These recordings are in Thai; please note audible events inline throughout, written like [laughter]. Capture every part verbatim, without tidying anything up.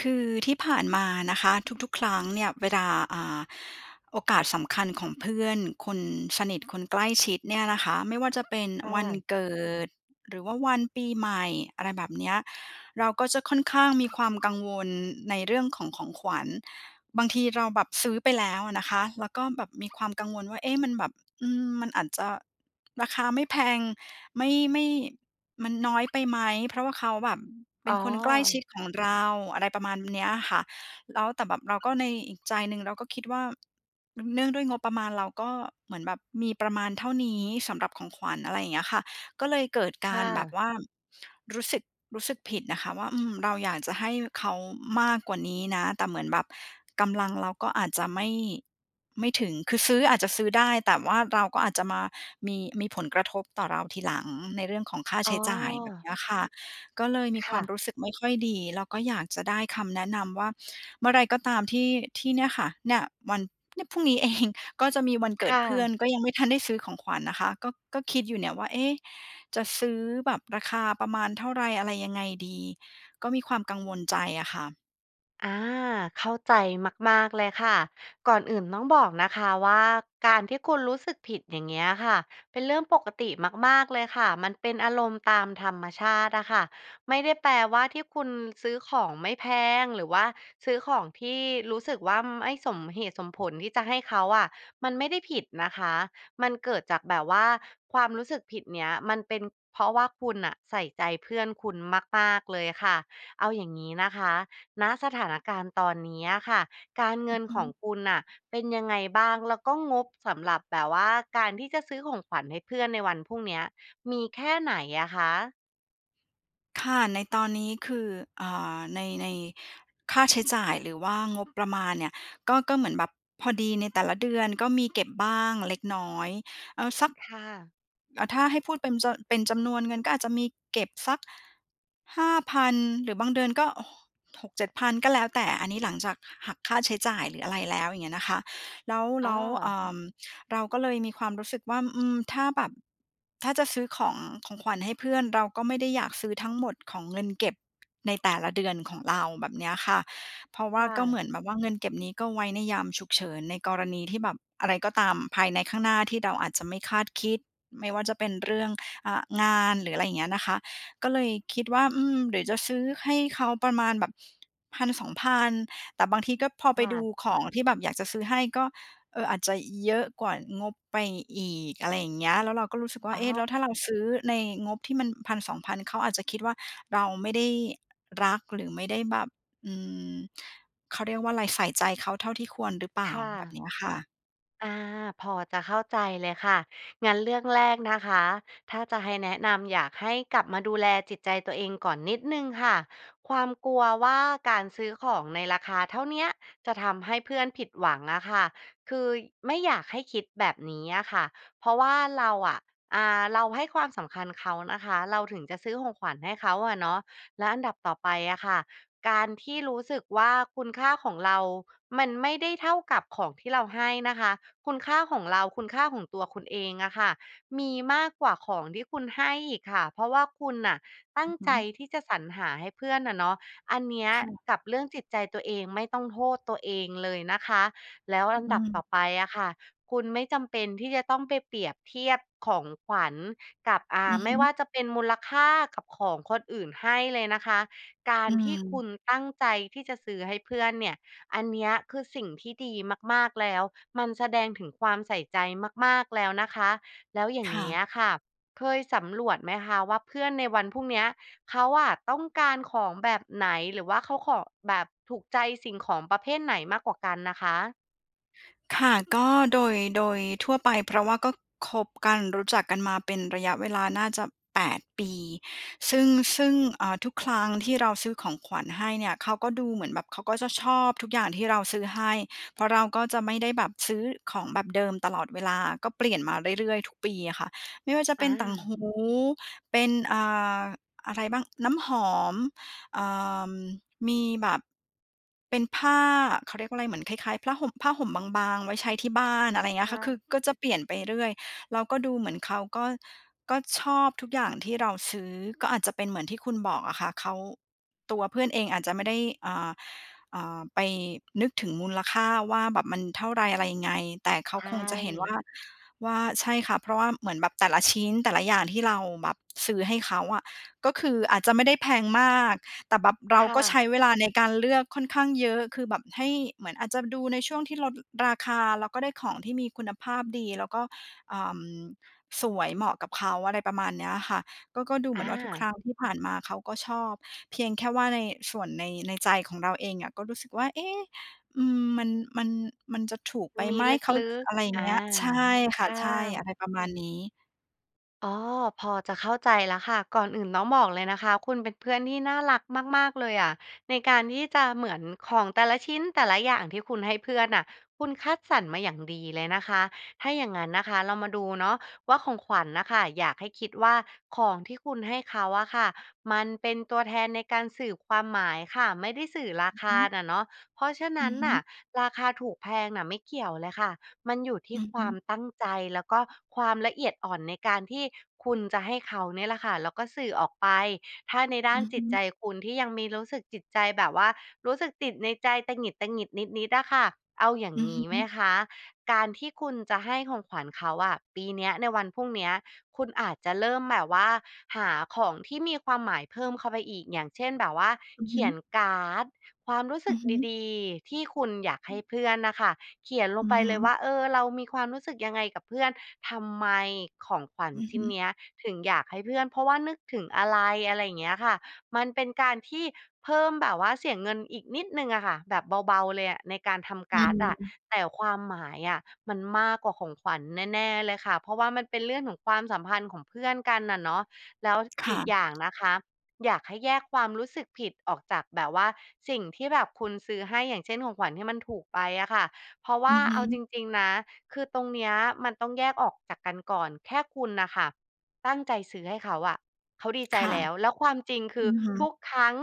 คือ ที่ผ่านมานะคะ ทุก ๆ ครั้งเนี่ยเวลา อ่า โอกาสสำคัญของเพื่อนคนสนิท คนใกล้ชิดเนี่ยนะคะ ไม่ว่าจะเป็นค่วันะ เกิดหรือว่าวันปีใหม่ อะไรแบบเนี้ย เราก็จะค่อนข้างมีความกังวลในเรื่องของของขวัญ บางทีเราแบบซื้อไปแล้วอะนะคะ แล้วก็แบบมีความกังวลว่า เอ๊ะ มันแบบ อืม มันอาจจะ ราคาไม่แพง ไม่ ไม่ มันน้อยไปไหม? เพราะว่าเขาแบบเปอ็๋นอ คนใกล้ชิดของเรา อะไรประมาณเนี้ยอะค่ะ แล้ว แต่แบบเราก็ในอีกใจหนึ่งเราก็คิดว่า มันเนื่องด้วยงบประมาณเราก็เหมือนแบบมีประมาณเท่านี้สำหรับของขวัญ อะไรอย่างเงี้ยค่ะ ก็เลยเกิดคกา่รแบะ บว่ารู้สึก รู้สึกผิดนะคะว่า อืม เราอยากจะให้เขามากกว่านี้นะ แต่เหมือนแบบกำลังเราก็อาจจะไม่ ไม่ถึง คือซื้ออาจจะซื้อได้ แต่ว่าเราก็อาจจะมามี มี ผลกระทบต่อเราทีหลังในเรื่องของค่าใอ๋ช้จ่ายแบบอ เนี้ยค่ะ ก็เลยมีคคว่ามะ รู้สึกไม่ค่อยดี แล้วก็อยากจะได้คำแนะนำว่าเมื่อไรก็ตามที่ ที่เนี่ยค่ะ เนี่ย วัน เนี่ยพรุ่งนี้ เอง ก็จะมีวันเกคิด่เพื่อนะ ก็ยังไม่ทันได้ซื้อของขวัญนะคะ ก็ ก็คิดอยู่เนี่ยว่า เอ๊! จะซื้อแบบราคาประมาณเท่าไรอะไรยังไงดี? ก็มีความกังวลใจอะค่ะ อา เข้าใจมาก ๆ เลยค่ะ ก่อนอื่นต้องบอกนะคะว่า การที่คุณรู้สึกผิด อย่างเงี้ยอะค่ะ เป็นเรื่องปกติมาก ๆ เลยค่ะ มันเป็นอารมณ์ตามธรรมชาติอะค่ะ ไม่ได้แปลว่าที่คุณซื้อของไม่แพง หรือว่าซื้อของที่รู้สึกวั่ม ไม่สมเหตุสมผลที่จะให้เขาอะ มันไม่ได้ผิดนะคะ มันเกิดจากแบบว่า ความรู้สึกผิดเนี้ย มันเป็นเพราะว่าคุณน่ะใส่ใจเพื่อนคุณมาก ๆ เลยอะค่ะ เอาอย่างงี้นะคะ ณ สถานการณ์ตอนนี้อะค่ะ การเองิือนฮขึ องคุณน่ะเป็นยังไงบ้าง? แล้วก็งบสำหรับแบบว่า การที่จะซื้อของขวัญให้เพื่อนในวันพรุ่งเนี้ยมีแค่ไหนอะคะ? ค่ะ ในตอนนี้คือ อ่า ใน ในค่าใช้จ่าย หรือว่างบประมาณเนี่ย ก็ ก็เหมือนแบบพอดีในแต่ละเดือน ก็มีเก็บบ้างเล็กน้อย เอ่อ สัก ค่ะ อะ ถ้าให้พูดเป็นจะ เป็นจำนวนเงินก็อาจจะมีเก็บสัก ห้าพัน หรือบางเดือนก็โหะ หก เจ็ดพัน ก็แล้วแต่ อันนี้หลังจากหะ หักค่าใช้จ่าย หรืออะไรแล้ว อย่างเงี้ยนะคะ แล้ว อแ๋ลอ ้ว เอ่อ เราก็เลยมีความรู้สึกว่า อืม ถ้าแบบ ถ้าจะซื้อของ ของขวัญให้เพื่อน เราก็ไม่ได้อยากซื้อทั้งหมดของเงินเก็บในแต่ละเดือนของเราแบบเนี้ยค่ะ เพราะว่คา่ก็เหมะ ือนแบบว่า เงินเก็บนี้ก็ไว้ในยามฉุกเฉิน ในกรณีที่แบบอะไรก็ตามภายในข้างหน้า ที่เดาอาจจะไม่คาดคิด ไม่ว่าจะเป็นเรื่อง อ่า งานหรืออะไรอย่างเงี้ยนะคะ ก็เลยคิดว่า อืม เดี๋ยวจะซื้อให้เขาประมาณแบบ พันสองพัน แต่บางทีก็ พอไคป่ดูะ ของที่แบบอยากจะซื้อให้ ก็ เอ่อ อาจจะเยอะกว่างบไปอีก อะไรอย่างเงี้ย แล้วเราก็รู้สึกว่า อะเอ๊! ฮแะ ล้วถ้าเราซื้อในงบที่มัน พันสองพัน เขาอาจจะคิดว่า เราไม่ได้รัก หรือไม่ได้แบบ อืม เขาเรียกว่าไร ใส่ใจเขาเท่าที่ควรหรือเปลค่า? ่แบะ บเนี้ยค่ะ อา พอจะเข้าใจเลยค่ะ งั้นเรื่องแรกนะคะ ถ้าจะให้แนะนำ อยากให้กลับมาดูแลจิตใจตัวเองก่อนนิดหนึ่งค่ะ ความกลัวว่าการซื้อของในราคาเท่าเนี้ย จะทำให้เพื่อนผิดหวังอะค่ะ คืย ไม่อยากให้คิดแบบนี้อะค่ะ เพราะว่าเราอะ อ่า เราให้ความสำคัญเขานะคะ เราถึงจะซื้อของขวัญให้เขาอะเนาะ และอันดับต่อไปอะค่ะ การที่รู้สึกว่า คุณค่าของเรามันไม่ได้เท่ากับของที่เราให้นะคะ คุณค่าของเรา คุณค่าของตัวคุณเองอะค่ะ มีมากกว่าของที่คุณให้อีกค่ะ เพราะว่าคุณน่ะตัอ้ืงอฮใึ จที่จะสรรหาให้เพื่อนน่ะเนาะ อันเนี้ย ค่ะ กับเรื่องจิตใจตัวเองไม่ต้องโทษตัวเองเลยนะคะ แล้วอืออันอืดับตม ่อไปอะค่ะ คุณไม่จำเป็นที่จะต้องไปเปรียบเทียบของขวัญกับ อ่า อือฮไม่ว่ึ าจะเป็นมูลค่ากับของคนอื่นให้เลยนะคะ กาอืรที่คม ุณตั้งใจที่จะซื้อให้เพื่อนเนี่ย อันเนี้ย คือสิ่งที่ดีมาก ๆ แล้ว มันแสดงถึงความใส่ใจมาก ๆ แล้วนะคะ แล้วอย่าคง่เงี้ยะ อะค่ะ เคยสำรวจไหมคะว่า เพื่อนในวันพรุ่งเนี้ย เขาอะต้องการของแบบไหน? หรือว่าเขาขอ แบบถูกใจสิ่งของประเภทไหนมากกว่ากันอะคะ? ค่ะ ก็โดย โดยทั่วไป เพราะว่าก็คบกันรู้จักกันมาเป็นระยะเวลาน่าจะ แปด ปี ซึ่ง ซึ่ง เอ่อ ทุกครั้งที่เราซื้อของขวัญให้เนี่ย เขาก็ดูเหมือนแบบเขาก็จะชอบทุกอย่างที่เราซื้อให้ เพราะเราก็จะไม่ได้แบบซื้อของแบบเดิมตลอดเวลา ก็เปลี่ยนมาเรื่อย ๆ ทุกปีอะค่ะ ไม่ว่าจะเอป็นต่างหา ู เป็น อ่า อะไรบ้าง น้ำหอม เอ่อ มีแบบ เป็นผ้า เขาเรียกว่าไร เหมือนคล้าย ๆ ผล้าห่ม ผ้าห่มบาง ๆ ไว้ใช้ที่บ้าน อะไรเงีใ้ชยค่ะ คือ่ ก็จะเปลี่ยนไปเรื่อย แล้วก็ดูเหมือนเขาก็ ก็ชอบทุกอย่างที่เราซื้อ ก็อาจจะเป็นเหมือนที่คุณบอกอะค่ะ เขา ตัวเพื่อนเองอาจจะไม่ได้ อ่า อ่า ไปนึกถึงมูลค่าว่า แบบมันเท่าไร อะไรยังไง แต่เขใาชคงจะเห็นว่ ่า ว่า ใช่ค่ะ เพราะว่าเหมือนแบบแต่ละชิ้น แต่ละอย่างที่เราแบบซื้อให้เขาอะ ก็คืออาจจะไม่ได้แพงมาก แต่แบบเรคา่ก็ใชะ ้เวลาในการเลือกค่อนข้างเยอะ คือแบบให้ เหมือนอาจจะดูในช่วงที่ลด ด ราคา เราก็ได้ของที่มีคุณภาพดีแล้วก็ เอ่อ สวย เหมาะกับเขา อะไรประมาณเนี้ยค่ะ ก็ ก็ดูเหอมือนว่าทุกคา รั้งที่ผ่านมาเขาก็ชอบ เพียงแค่ว่าใน ส่วนใน ในใจของเราเองอะก็รู้สึกว่า เอ๊ะ อืม มัน มัน มันจะถูกไปมีไหม? ลเขา ึก อะไรอย่ๆ อางา เงี้ย ใช่คค่ะ ่ใช่ ะ อะไรประมาณนี้ อ๋อ พอจะเข้าใจแล้วค่ะ ก่อนอื่นต้องบอกเลยนะคะ คุณเป็นเพื่อนที่น่ารักมาก ๆ เลยอะ ในการที่จะ เหมือนของแต่ละชิ้น แต่ละอย่างที่คุณให้เพื่อนน่ะ คุณคัดสรรมาอย่างดีเลยนะคะ ถ้าอย่างงั้นนะคะเรามาดูเนาะว่า ของขวัญน่ะค่ะ อยากให้คิดว่า ของที่คุณให้เขาอะค่ะมันเป็นตัวแทนในการสืบความหมายค่ะ ไม่ได้สื่อราอือคฮาึ น่ะเนาะ เพราะฉะนอืั้นอฮน่ึ ะ ราคาถูกแพงน่ะไม่เกี่ยวเลยค่ะ มันอยู่ทีอื่อคฮวึ ามตั้งใจ แล้วก็ความละเอียดอ่อนในการที่คุณจะให้เขาเนี่ยแหละค่ะ แล้วก็สื่อออกไป ถ้าในด้อาืนอจฮิตใจ ึ คุณที่ยังมีรู้สึก จิตใจแบบว่ารู้สึกติดในใจตงิด ๆ นิด ๆ อะค่ะ เอาอย่าองืองฮี้ไหมึ คะ? การที่คุณจะให้ของขวัญเขาอะ ปีเนี้ย ในวันพรุ่งเนี้ย คุณอาจจะเริ่มแบบว่าหาของที่มีความหมายเพิ่มเข้าไปอีก อย่างเช่น แบบว่าอือเขฮีึ ยนการ์ดความรู้สอึืกอฮึ ดี ๆ ที่คุณอยากอให้ืม เพื่อนน่ะค่ะ เขียนลองืไปอฮเลยวึ ่า เออ เรามีความรู้สึกยังไงกับเพื่อน ทำไม ของขวัญอือชฮิ้นึ เนี้ย ถึงอยากให้เพื่อน เพราะว่านึกถึงอะไร อะไรอย่างเงี้ยค่ะ มันเป็นการที่เพิ่ม แบบว่าเสียเงินอีกนิดหนึ่งอะค่ะ แบบเบา ๆ เลยอะในการทำอกืาร์ดอะ ม แต่ความหมายอะมันมากกว่าของขวัญแน่ ๆ เลยค่ะ เพราะว่ามันเป็นเรื่องของความสัมพันธ์ของเพื่อนกันน่ะเนาะ แล้วคอ่ีกะ อย่างนะคะ อยากให้แยกความรู้สึกผิดออกจากแบบว่าสิ่งที่แบบคุณซื้อให้ อย่างเช่น ของขวัญที่มันถูกไปอะค่ะ เพราะวอ่ืาอฮเอาจึ ริง ๆ นะ คือตรงเนี้ยมันต้องแยกออกจากกันก่อน แค่คุณน่ะค่ะตั้งใจซื้อให้เขาอะ เขาดีใคจ่ะ แล้ว แล้วความจริง คอืือ อฮึ ทุกครั้ง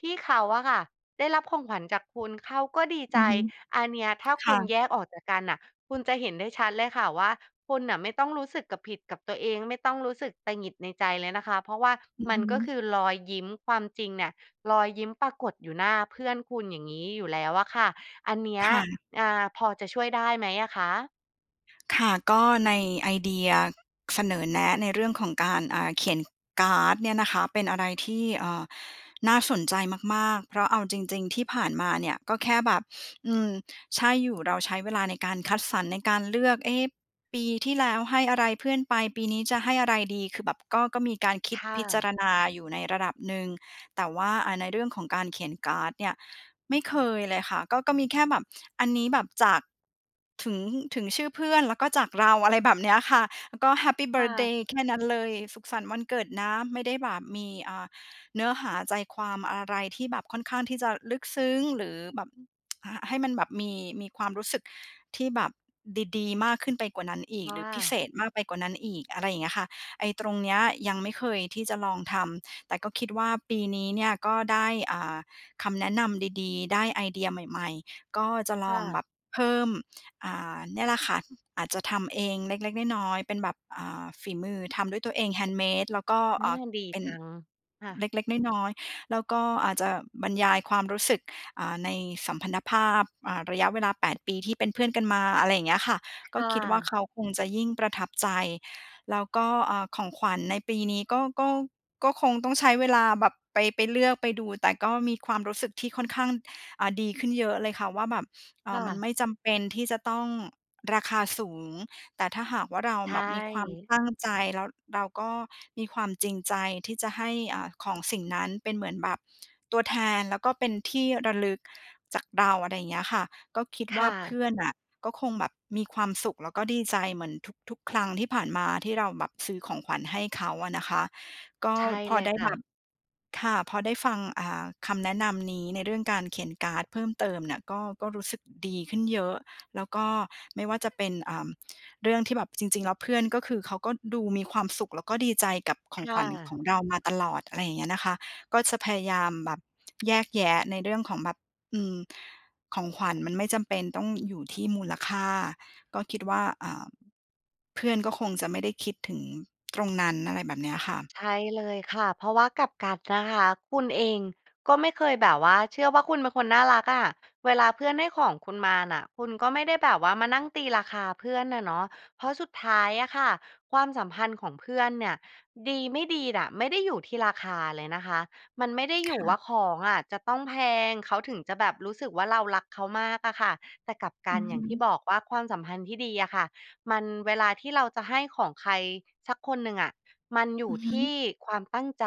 ที่เขาอะค่ะได้รับของขวัญจากคุณ เขาก็ดีอใืจ อฮึ อันเนี้ยถ้าคคุ่ณะ แยกออกจากกันน่ะ คุณจะเห็นได้ชัดเลยค่ะว่า คุณน่ะไม่ต้องรู้สึกกับ ผิดกับตัวเอง ไม่ต้องรู้สึกตงิดในใจเลยนะคะ เพราะว่าอือมฮันก็คึ ือรอยยิ้ม ความจริงเนี่ย รอยยิ้มปรากฏอยู่หน้าเพื่อนคุณอย่างงี้อยู่แล้วอะค่ะ อันเนี้คย ่ะ อา พอจะช่วยได้ไหมอะคะ? ค่ะ ก็ในไอเดียเสนอแนะในเรื่องของการ อ่า เขียนการ์ดเนี่ยนะคะเป็นอะไรที่ เอ่อ น่าสนใจมาก ๆ เพราะเอาจริง ๆ ที่ผ่านมาเนี่ยก็แค่แบบ อืม ใช่อยู่ เราใช้เวลาในการคัดสรร ในการเลือก "เอ๊ ปีที่แล้วให้อะไรเพื่อนไป ปีนี้จะให้อะไรดี?" คือแบบก็ ก็มีการคิด ค่พิจาะ รณาอยู่ในระดับหนึ่ง แต่ว่า อ่า ในเรื่องของการเขียนการ์ดเนี่ยไม่เคยเลยค่ะ ก็ ก็มีแค่แบบอันนี้แบบจาก ถึง ถึงชื่อเพื่อน แล้วก็จากเรา อะไรแบบเนี้ยค่ะ แล้วก็แฮปปีเบคิ่ร์ทเดะ ย์แค่นั้นเลย สุขสันต์วันเกิดนะ ไม่ได้แบบมี อ่า เนื้อหาใจความอะไรที่แบบค่อนข้างที่จะลึกซึ้ง หรือแบบ [tsk] อ่า ให้มันแบบมี มีความรู้สึกที่แบบดี ๆ มากขึ้นไปกว่านั้นอีคก ่หรือพิเศะ ษมากไปกว่านั้นอีก อะไรอย่างเงี้ยค่ะ ไอ้ตรงเนี้ยยังไม่เคยที่จะลองทำ แต่ก็คิดว่า ปีนี้เนี่ยก็ได้ อ่า คำแนะนำดี ๆ ได้ไอเดียใหม่ ๆ ก็จะลค่องแะ บบเพิ่ม อ่า เนี่ยแหละค่ะ อาจจะทำเองเล็ก ๆ น้อย ๆ เป็นแบบ อ่า ฝีมือทำด้วยตัวเอง handmade แล้วก็ ออ่า า ดีเป็น จัง ค่เะ ล็ก ๆ น้อย ๆ แล้วก็อาจจะบรรยายความรู้สึก อ่า ในสัมพันธภาพ อ่า ระยะเวลา แปด ปีที่เป็นเพื่อนกันมา อะไรอย่างเงี้ยค่ะ คก็่คิดว่า ะ เขาคงจะยิ่งประทับใจ แล้วก็ อ่า ของขวัญในปีนี้ก็ ก็ ก็คงต้องใช้เวลาแบบไป ไปเลือก ไปดู แต่ก็มีความรู้สึกที่ค่อนข้าง อ่า ดีขึ้นเยอะเลยค่ะว่า แบบ เอ่คอ ่มันะ ไม่จำเป็นที่จะต้องราคาสูง แต่ถ้าหากว่า เราใชแบบมีความ่ ตั้งใจแล้วเราก็มีความจริงใจที่จะให้ อ่า ของสิ่งนั้นเป็นเหมือนแบบตัวแทน แล้วก็เป็นที่ระลึกจากเรา อะไรเงี้ยค่ะ ก็คิดคว่า ่เพะ ื่อนน่ะก็คงแบบมีความสุขแล้วก็ดีใจเหมือนทุก ๆ ครั้งที่ผ่านมา ที่เราแบบซื้อของขวัญให้เขาอะนะคะ ก็ใช่พเอลยได้คแ่บะ บ ค่ะ พอได้ฟัง อ่า คำแนะนำนี้ในเรื่องการเขียนการ์ดเพิ่มเติมเนี่ยก็ ก็รู้สึกดีขึ้นเยอะ แล้วก็ไม่ว่าจะเป็น เอ่อ เรื่องที่แบบ จริง ๆ แล้วเพื่อนก็คือเขาก็ดูมีความสุข แล้วก็ดีใจกับขคองข่วัญขะ องเรามาตลอด อะไรอย่างเงี้ยนะคะ ก็จะพยายามแบบแยกแยะในเรื่องของแบบ อืม ของขวัญมันไม่จำเป็นต้องอยู่ที่มูลค่า ก็คิดว่า อ่า เพื่อนก็คงจะไม่ได้คิดถึงตรงนั้น อะไรแบบเนี้ยค่ะ ใช่เลยค่ะ เพราะว่ากลับกันนะคะคุณเอง ก็ไม่เคยแบบว่าเชื่อว่า คุณเป็นคนน่ารักอะ เวลาเพื่อนให้ของคุณมาน่ะคุณก็ไม่ได้แบบว่ามานั่งตีราคาเพื่อนน่ะเนาะ เพราะสุดท้ายอะค่ะความสัมพันธ์ของเพื่อนเนี่ย ดี ไม่ดีน่ะ ไม่ได้อยู่ที่ราคาเลยนะคะ มันไม่ได้คอยู่่วะ ่า ของอะจะต้องแพง เขาถึงจะแบบรู้สึกว่า เรารักเขามากอะค่ะ แต่กลับกัอืน อฮอย่างที่ึ บอกว่า ความสัมพันธ์ที่ดีอะค่ะมัน เวลาที่เราจะให้ของใครสักคนหนึ่งอะมันอยูอ่ือฮทึ ี่ความตั้งใจ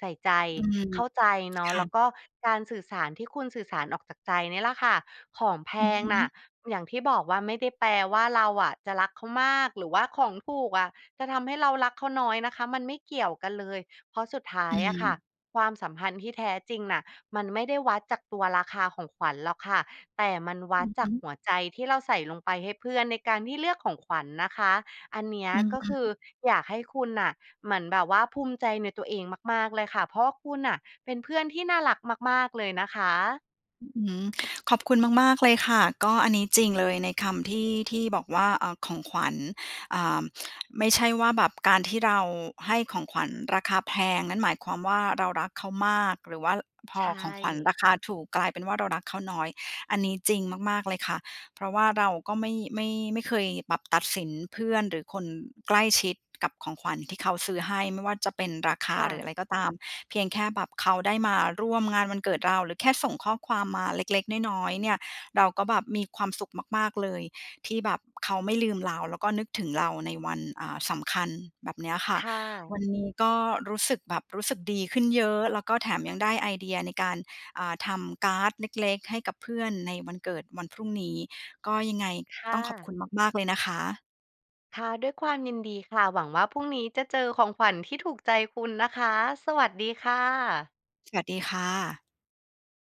ใส่ใจ อืม เข้าใจ เนาคะ ่แล้วะ ก็การสื่อสารที่คุณสื่อสารออกจากใจเนี่ยแหละค่ะ ของแพอือฮงน่ะ ึ อย่างที่บอกว่า ไม่ได้แปลว่า เราอะจะรักเขามาก หรือว่าของถูกอะจะทำให้เรารักเขาน้อยนะคะ มันไม่เกี่ยวกันเลย เพราะสุดท้าอืยอะค่ะม ความสัมพันธ์ที่แท้จริงน่ะ มันไม่ได้วัดจากตัวราคาของขวัญหรอกค่ะ แต่มันวอัืดอจฮากึ หัวใจที่เราใส่ลงไปให้เพื่อนในการที่เลือกของขวัญนะคะ อันเนี้ยอือกฮ็คือึ อยากให้คุณน่ะเหมือนแบบว่า ภูมิใจในตัวเองมาก ๆ เลยค่ะ เพราะว่าคุณน่ะเป็นเพื่อนที่น่ารักมาก ๆ เลยนะคะ อ อือ ขอบคุณมาก ๆ เลยค่ะ ก็อันนี้จริงเลยในคำที่ ที่บอกว่า เอ่อ ของขวัญ อ่า ไม่ใช่ว่าแบบการที่เราให้ของขวัญราคาแพง นั่นหมายความว่า เรารักเขามาก หรือว่า ล พใชอของขวัญ่ ราคาถูก กลายเป็นว่า เรารักเขาน้อย อันนี้จริงมาก ๆ เลยค่ะ เพราะว่าเราก็ไม่ ไม่ ไม่เคยแบบตัดสินเพื่อนหรือคนใกล้ชิดกับของขวัญที่เขาซื้อให้ ไม่ว่าจะเป็นราคคา่หรืะ ออะไรก็ตาม เพียงแค่แบบเขาได้มาร่วมงานวันเกิดเรา หรือแค่ส่งข้อความมาเล็ก ๆ น้อย ๆ เนี่ยเราก็แบบมีความสุขมาก ๆ เลยที่แบบเขาไม่ลืมเรา แล้วก็นึกถึงเราในวัน อ่า สำคัญ แบบเนี้ยค่ะ ค่วัะ นนี้ก็รู้สึกแบบรู้สึกดีขึ้นเยอะ แล้วก็แถมยังได้ไอเดียในการ อ่า ทำการ์ดเล็ก ๆ ให้กับเพื่อนในวันเกิด วันพรุ่งนี้ ก็ ยังไงค่ต้องขอบคะ ุณมาก ๆ เลยนะคะ ค่ะ ด้วยความยินดีค่ะ หวังว่า พรุ่งนี้จะเจอของขวัญที่ถูกใจคุณนะคะ สวัสดีค่ะ สวัสดีค่ะ